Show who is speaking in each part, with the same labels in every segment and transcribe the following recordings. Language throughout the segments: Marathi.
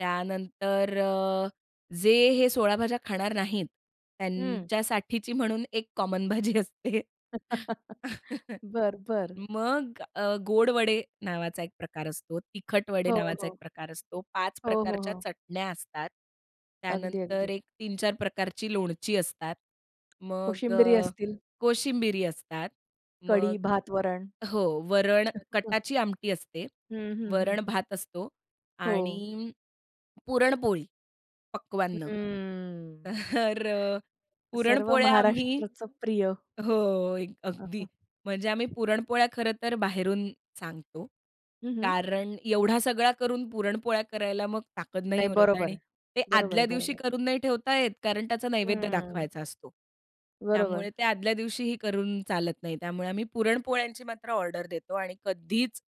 Speaker 1: त्यानंतर अ, जे हे 16 भाज्या खाणार नाहीत
Speaker 2: हं.
Speaker 1: त्यांच्यासाठीची म्हणून एक कॉमन भाजी असते.
Speaker 2: बरं, बरं.
Speaker 1: मग अ, गोड वडे नावाचा एक प्रकार असतो, तिखट वडे
Speaker 2: हो,
Speaker 1: नावाचा एक
Speaker 2: हो.
Speaker 1: प्रकार असतो. 5
Speaker 2: हो, हो,
Speaker 1: प्रकारच्या
Speaker 2: हो.
Speaker 1: चटण्या असतात.
Speaker 2: अगदी,
Speaker 1: त्यानंतर
Speaker 2: अगदी.
Speaker 1: एक 3-4 प्रकारची लोणची असतात. मग
Speaker 2: कोशिंबिरी
Speaker 1: अ,
Speaker 2: असतील.
Speaker 1: कोशिंबिरी असतात. मग
Speaker 2: कढी, भात, वरण.
Speaker 1: हो. वरण, कटाची आमटी असते.
Speaker 2: हं, हं, हं, हं.
Speaker 1: वरण-भात असतो
Speaker 2: हो.
Speaker 1: आणि पुरणपोळी, पक्वांन्न.
Speaker 2: हम्म.
Speaker 1: तर
Speaker 2: सर्व
Speaker 1: पुरणपोळ्या आम्ही
Speaker 2: महाराष्ट्राचं प्रिय.
Speaker 1: हो. एक
Speaker 2: हां,
Speaker 1: अगदी
Speaker 2: हां.
Speaker 1: म्हणजे आम्ही पुरणपोळ्या खरं तर बाहेरूनच सांगतो.
Speaker 2: हं, हं.
Speaker 1: कारण एवढा सगळा करून पुरणपोळ्या करायला मग ताकत नाही
Speaker 2: नाही,
Speaker 1: उरत
Speaker 2: बरोबर
Speaker 1: आणि
Speaker 2: आहे.
Speaker 1: ते
Speaker 2: बरोबर आहे.
Speaker 1: आदल्या
Speaker 2: बरोबर
Speaker 1: दिवशी
Speaker 2: आहे.
Speaker 1: करून नाही ठेवता येत कारण त्याचा नैवेद्य
Speaker 2: हं.
Speaker 1: दाखवायचा असतो.
Speaker 2: बरोबर.
Speaker 1: त्यामुळे ते आदल्या दिवशीही करून चालत नाही. त्यामुळे आम्ही पुरणपोळ्यांची मात्र ऑर्डर देतो आणि कधीच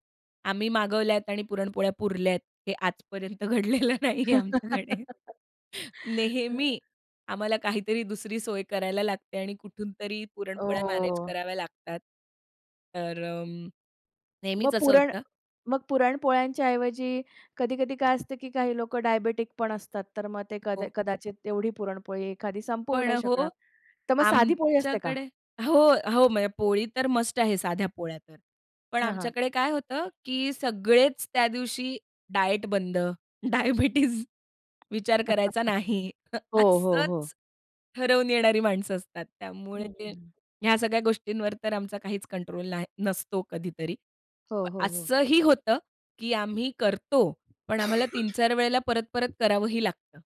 Speaker 1: आम्ही मागवल्यात आणि पुरणपोळ्या पुरल्या आहेत हे आजपर्यंत घडलेलं नाही आहे आमच्याकडे. नेहमी आम्हाला काहीतरी दुसरी सोय करायला लागते आणि कुठूनतरी पुरणपोळ्या मॅनेज
Speaker 2: हो.
Speaker 1: कराव्या लागतात. तर अ,
Speaker 2: मग
Speaker 1: नेहमीच असं
Speaker 2: पुरण
Speaker 1: होतं.
Speaker 2: मग पुरण पोळ्यांच्या ऐवजी कधी-कधी काय असतं की काही लोकं डायबिटिकपण असतात. तर मग ते कदा ते
Speaker 1: हो.
Speaker 2: कदाचित तेवढी पुरणपोळी एखादी संपवू
Speaker 1: पण
Speaker 2: नाही
Speaker 1: अ,
Speaker 2: शकणार.
Speaker 1: हो.
Speaker 2: तर मग साधी पोळी असते का?
Speaker 1: आमच्याकडे हो, हो. म्हणजे पोळी तर मस्ट आहे साध्या पोळ्या तर. पण
Speaker 2: हां, हां.
Speaker 1: आमच्याकडे काय होतं की सगळेच त्या दिवशी डायट बंद, डायबिटीज विचार करायचा नाही.
Speaker 2: हो, हो, हो.
Speaker 1: असंच ठरवून येणारी माणसं असतात. त्यामुळे
Speaker 2: हं,
Speaker 1: ते
Speaker 2: हं
Speaker 1: ह्या सगळ्या गोष्टींवर तर आमचा काहीच कंट्रोल नाही नसतो कधीतरी.
Speaker 2: हो, हो, हो.
Speaker 1: असंही होतं की आम्ही करतो पण आम्हाला 3-4 वेळेला परत-परत करावंही लागतं.